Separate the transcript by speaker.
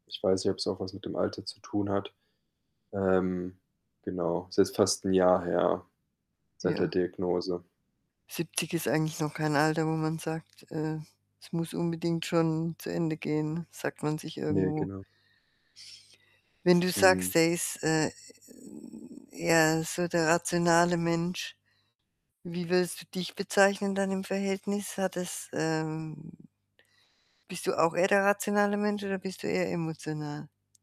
Speaker 1: Ich weiß nicht, ob's auch was mit dem Alter zu tun hat. Ähm. Genau, ist jetzt fast 1 Jahr her seit der
Speaker 2: Ja.
Speaker 1: Diagnose.
Speaker 2: 70 ist eigentlich noch kein Alter, wo man sagt, äh, es muss unbedingt schon zu Ende gehen, sagt man sich
Speaker 1: Ne,
Speaker 2: irgendwo.
Speaker 1: genau.
Speaker 2: Wenn du
Speaker 1: Mhm.
Speaker 2: sagst, er ist, äh, 'n eher so der rationale Mensch, wie würdest du dich bezeichnen dann im Verhältnis? Hat es, ähm bist du auch eher der rationale Mensch oder bist du eher emotional?